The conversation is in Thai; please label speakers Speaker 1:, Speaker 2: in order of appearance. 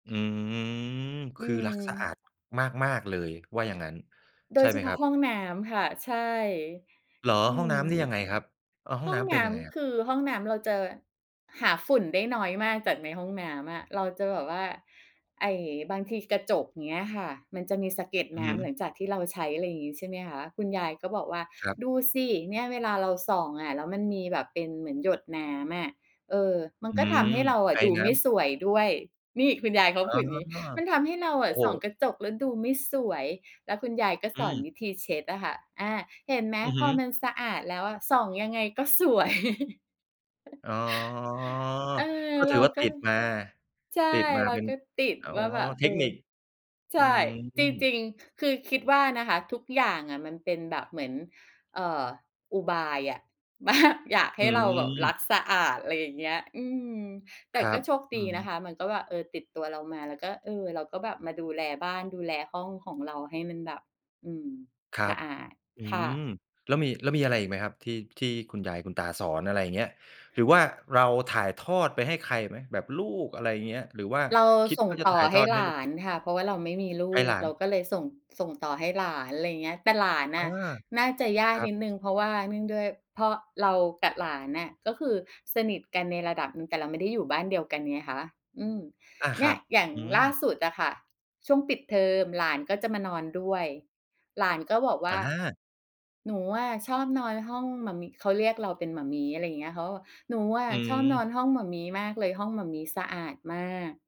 Speaker 1: อืม ค
Speaker 2: อื
Speaker 1: ือรักสะอา
Speaker 2: ม
Speaker 1: ดมาก ๆ เลย ว่าอย่างงั้น
Speaker 2: โด
Speaker 1: ใช่
Speaker 2: ยเฉ
Speaker 1: ไหม
Speaker 2: พา
Speaker 1: ค
Speaker 2: ะ
Speaker 1: รับ?
Speaker 2: ห้องน้ำค่ะ ใช่
Speaker 1: เหรอ?
Speaker 2: อื
Speaker 1: ห้องน้ำนี
Speaker 2: ม
Speaker 1: ่ยังไงครับ อะ ห้อ
Speaker 2: ห
Speaker 1: ง
Speaker 2: ้
Speaker 1: น
Speaker 2: อง
Speaker 1: ้ำเ
Speaker 2: น
Speaker 1: ป็น
Speaker 2: ้
Speaker 1: ยังไงอะ?
Speaker 2: ำ คือห้องน้ำเราจะแบบหาฝุ่นได้น้อยมาก จากในห้องน้ำอะ เราจะแบบว่า ไอ้ บางทีกระจก อย่างเงี้ยค่ะ มันจะมีสะเก็ด
Speaker 1: อื
Speaker 2: น
Speaker 1: อ
Speaker 2: ้
Speaker 1: ฮ
Speaker 2: ำ
Speaker 1: ึ
Speaker 2: หลังจากที่เราใช้ อะไรอย่างงี้ใช่ไหมคะ คุณยายก็บอกว่า
Speaker 1: ครับ
Speaker 2: "ดูสิ เนี่ย เวลาเราส่องอะ แล้วมันมีแบบเป็นเหมือนหยดน้ำอะ เออ มัน
Speaker 1: อื
Speaker 2: ก็ท
Speaker 1: ม
Speaker 2: ำให้เราอะ
Speaker 1: ไอ
Speaker 2: ดู
Speaker 1: น้
Speaker 2: ไม่
Speaker 1: ำ
Speaker 2: สวยด้วย" นี่ คุณยายเขาก
Speaker 1: อ
Speaker 2: ็
Speaker 1: ๋
Speaker 2: พ
Speaker 1: อ
Speaker 2: ูดอย่างงี้ "มันทำให้เราอ
Speaker 1: โอ้
Speaker 2: ะ
Speaker 1: โฮ
Speaker 2: ส่องกระจกแล้วดูไม่สวย" แล้วคุณยายก็
Speaker 1: อ
Speaker 2: สอน
Speaker 1: ืม
Speaker 2: วิธีเช็ดอะค่ะ "อา เห็นไหม
Speaker 1: อือ
Speaker 2: พ
Speaker 1: ฮ
Speaker 2: อ
Speaker 1: ึ
Speaker 2: มันสะอาดแล้วอะ ส่องยังไงก็ สวย"
Speaker 1: อ๋อ
Speaker 2: เออ
Speaker 1: ก็
Speaker 2: เ
Speaker 1: ถ
Speaker 2: ร
Speaker 1: ื
Speaker 2: า
Speaker 1: อว่า
Speaker 2: ก็
Speaker 1: ติดมา
Speaker 2: ใช่
Speaker 1: ติดมา
Speaker 2: เรา
Speaker 1: เป็น
Speaker 2: ก็ติด
Speaker 1: อ๋อ
Speaker 2: ว่าแบบ เ
Speaker 1: เท
Speaker 2: ออ
Speaker 1: คนิค
Speaker 2: ใช
Speaker 1: อื
Speaker 2: ่ จร
Speaker 1: ม
Speaker 2: ิง ๆ คือคิดว่านะคะ ทุกอย่างอะมันเป็นแบบเหมือน เอ่อ อุบายอะ แบบ อยากใ
Speaker 1: อ
Speaker 2: ห้เราแบบรั
Speaker 1: ืม
Speaker 2: กสะอาด อะไรอย่างเงี้ย อืม แต่
Speaker 1: คร
Speaker 2: ก
Speaker 1: ั
Speaker 2: ็
Speaker 1: บ
Speaker 2: โชคด
Speaker 1: อื
Speaker 2: ี
Speaker 1: อ
Speaker 2: น
Speaker 1: ฮึ
Speaker 2: ะคะ มันก็แบบ เออ ติดตัวเรามา เราก็ เออ เราก็แบบมาดูแลบ้าน ดูแลห้องของเราให้มันแบบ อืม
Speaker 1: ครั
Speaker 2: สะ
Speaker 1: บ
Speaker 2: อาด
Speaker 1: อื
Speaker 2: ค่
Speaker 1: ม
Speaker 2: ะ
Speaker 1: แล้วมี แล้วมีอะไรอีกไหมครับ ที่ ที่คุณยายคุณตาสอน? อะไรอย่างเงี้ย หรือว่าเราถ่ายทอดไปให้ใครอีกไหม? แบบลูก อะไรอย่างเงี้ย หรือว่า
Speaker 2: เรา
Speaker 1: คิด
Speaker 2: ส่ง
Speaker 1: ว่าจะ
Speaker 2: ต
Speaker 1: ถ
Speaker 2: ่อ
Speaker 1: ่าย
Speaker 2: ใ
Speaker 1: ท
Speaker 2: ห้
Speaker 1: อดใ
Speaker 2: ห
Speaker 1: ห
Speaker 2: ล
Speaker 1: ้ลู
Speaker 2: า
Speaker 1: ก
Speaker 2: นค่ะ เพราะว่าเราไม่มีล
Speaker 1: ให
Speaker 2: ู
Speaker 1: ้ห
Speaker 2: ก
Speaker 1: ลา
Speaker 2: เร
Speaker 1: น
Speaker 2: าก็เลยส่ง ส่งต่อให้หลาน อะไรอย่างเงี้ย แต่หลานน
Speaker 1: อา
Speaker 2: ่ะ น่าจะยาก
Speaker 1: ครั
Speaker 2: น
Speaker 1: บ
Speaker 2: ิดหนึ่ง เพราะว่า เนื่องด้วย เพราะเรากับหลานน่ะ ก็คือสนิทกันในระดับหนึ่ง แต่เราไม่ได้อยู่บ้านเดียวกันไงคะ อืม
Speaker 1: อา
Speaker 2: เน
Speaker 1: ค
Speaker 2: ี่
Speaker 1: รั
Speaker 2: ย
Speaker 1: บ
Speaker 2: อย่าง
Speaker 1: อื
Speaker 2: ล่า
Speaker 1: ม
Speaker 2: สุดอะค่ะ ช่วงปิดเทอมหลานก็จะมานอนด้วย หลานก็บอกว่
Speaker 1: อ
Speaker 2: า
Speaker 1: า
Speaker 2: "หนูอะชอบนอนห้องหม่ามิ" เขาเรียกเราเป็นหม่ามี้ อะไรอย่างเงี้ย เขาก็บอก "หนูอะ
Speaker 1: อื
Speaker 2: ชอบนอน
Speaker 1: ม
Speaker 2: ห้องหม่ามี้มากเลย ห้องหม่ามี้สะอาดมาก"